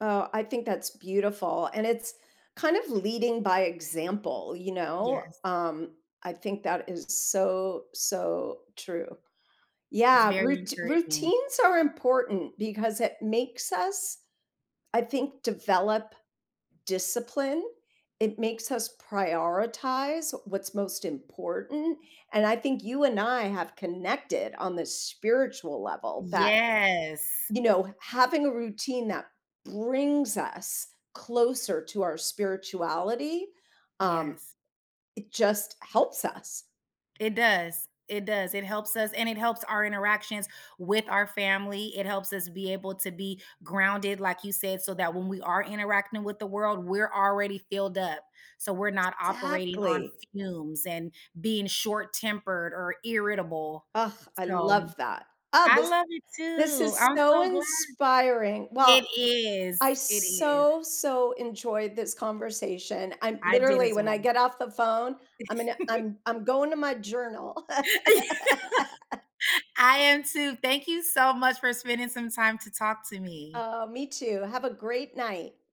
Oh, I think that's beautiful, and it's kind of leading by example, you know, Yes. um, I think that is so, so true. It's Yeah, very rout encouraging. routines are important because it makes us, I think, develop discipline. It makes us prioritize what's most important, and I think you and I have connected on the spiritual level that, Yes. you know, having a routine that brings us closer to our spirituality, um, Yes. it just helps us. It does. It does, it helps us and it helps our interactions with our family. It helps us be able to be grounded, like you said, so that when we are interacting with the world, we're already filled up, so we're not operating on Exactly. fumes and being short-tempered or irritable. Ugh, I So love that. Oh, I this love it this too, is I'm so so glad. inspiring. It Well, I is, it is. so, so enjoyed this conversation. I'm I did literally, as when I well. get off the phone, I'm gonna I'm I'm going to my journal. I am too, thank you so much for spending some time to talk to me. Oh, me too. Have a great night.